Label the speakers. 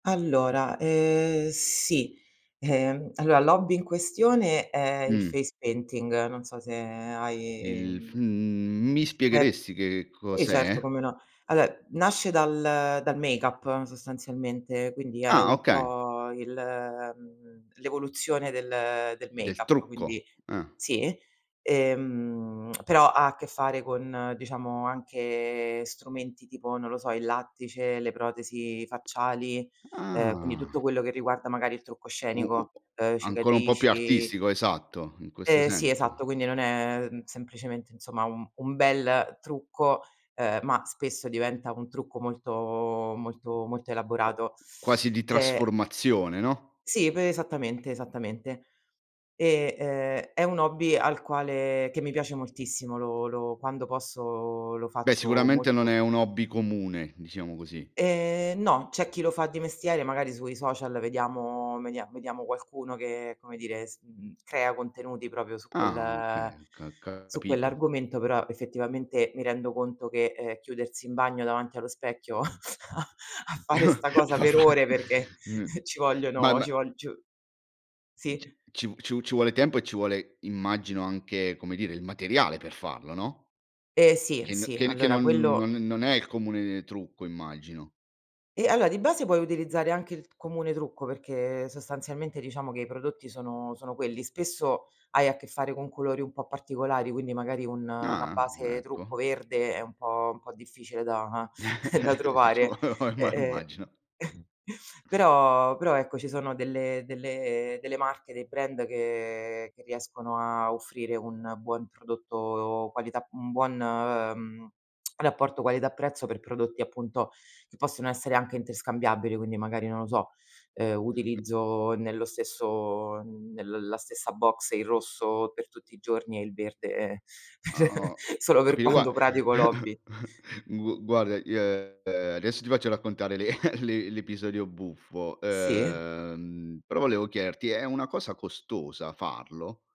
Speaker 1: Allora, ehm, sì, ehm, allora, l'hobby in questione è il
Speaker 2: Mh.
Speaker 1: face painting, non so se hai,
Speaker 2: Il f
Speaker 1: mhmm
Speaker 2: mhmm, mi
Speaker 1: È
Speaker 2: spiegheresti che
Speaker 1: sì certo,
Speaker 2: cos'è?
Speaker 1: come no. Allo nasce dal dal make-up, sostanzialmente, quindi è
Speaker 2: Ah,
Speaker 1: un
Speaker 2: okay.
Speaker 1: po' il, mhmm, l'evoluzione del del
Speaker 2: Del
Speaker 1: make-up, quindi
Speaker 2: trucco. Ah.
Speaker 1: sì. E, mhmm, però ha a che fare con, diciamo, anche strumenti tipo, non lo so, il lattice, le protesi facciali, uhm, quindi tutto
Speaker 2: Ah.
Speaker 1: quello che riguarda magari il trucco
Speaker 2: U u
Speaker 1: scenico, uhm,
Speaker 2: ancora un po' più
Speaker 1: cicatrici
Speaker 2: artistico, esatto, in questo
Speaker 1: Ehm, sì,
Speaker 2: senso.
Speaker 1: esatto, quindi non è semplicemente, insomma, un un bel trucco, uhm, ma spesso diventa un trucco molto molto molto elaborato.
Speaker 2: Quasi di
Speaker 1: Te
Speaker 2: trasformazione, no?
Speaker 1: Sì, p esattamente, esattamente. E, uhm, è un hobby al quale che mi piace moltissimo, lo lo quando posso lo
Speaker 2: Beh,
Speaker 1: faccio
Speaker 2: sicuramente non
Speaker 1: molto
Speaker 2: è un hobby comune, diciamo così.
Speaker 1: Ehm, no, c'è chi lo fa di mestiere, magari sui social vediamo vedia vediamo qualcuno che, come dire, s mhmm, crea contenuti proprio su
Speaker 2: Ah
Speaker 1: quel
Speaker 2: okay, ca
Speaker 1: su
Speaker 2: capito.
Speaker 1: quell'argomento, però effettivamente mi rendo conto che, ehm, chiudersi in bagno davanti allo specchio a a fare sta cosa
Speaker 2: Va
Speaker 1: per
Speaker 2: beh,
Speaker 1: ore perché
Speaker 2: n
Speaker 1: ci
Speaker 2: ma
Speaker 1: vogliono
Speaker 2: ma
Speaker 1: ci vogl c
Speaker 2: c
Speaker 1: sì.
Speaker 2: ci v ci ci vuole tempo e ci vuole, immagino, anche, come dire, il materiale per farlo, no
Speaker 1: Ehm, sì,
Speaker 2: che n
Speaker 1: sì,
Speaker 2: che che
Speaker 1: allora,
Speaker 2: non non
Speaker 1: quello
Speaker 2: non è il comune trucco, immagino?
Speaker 1: Ehm, allora di base puoi utilizzare anche il comune trucco, perché sostanzialmente diciamo che i prodotti sono sono quelli. Spesso hai a che fare con colori un po' particolari, quindi magari un una
Speaker 2: Ah, mhmm,
Speaker 1: base trucco
Speaker 2: ecco.
Speaker 1: verde è un po' un po' difficile da da trovare.
Speaker 2: Diciamo me lo
Speaker 1: Ehm,
Speaker 2: imma
Speaker 1: ehm,
Speaker 2: immagino.
Speaker 1: però però, ecco, ci sono delle delle delle marche, dei brand che che riescono a offrire un buon prodotto qualità mhmm, un buon, mhmm, rapporto qualità prezzo per prodotti, appunto, che possono essere anche interscambiabili, quindi magari, non lo so, uhm, utilizzo nello stesso nella stessa box il rosso per tutti i giorni e il verde
Speaker 2: Ah o
Speaker 1: solo per
Speaker 2: capi gua
Speaker 1: quando pratico l'hobby.
Speaker 2: gu guarda, io, ehm, adesso ti faccio raccontare l'e l'e l'episodio buffo,
Speaker 1: Sì.
Speaker 2: uhm, però volevo chiederti: è una cosa costosa farlo?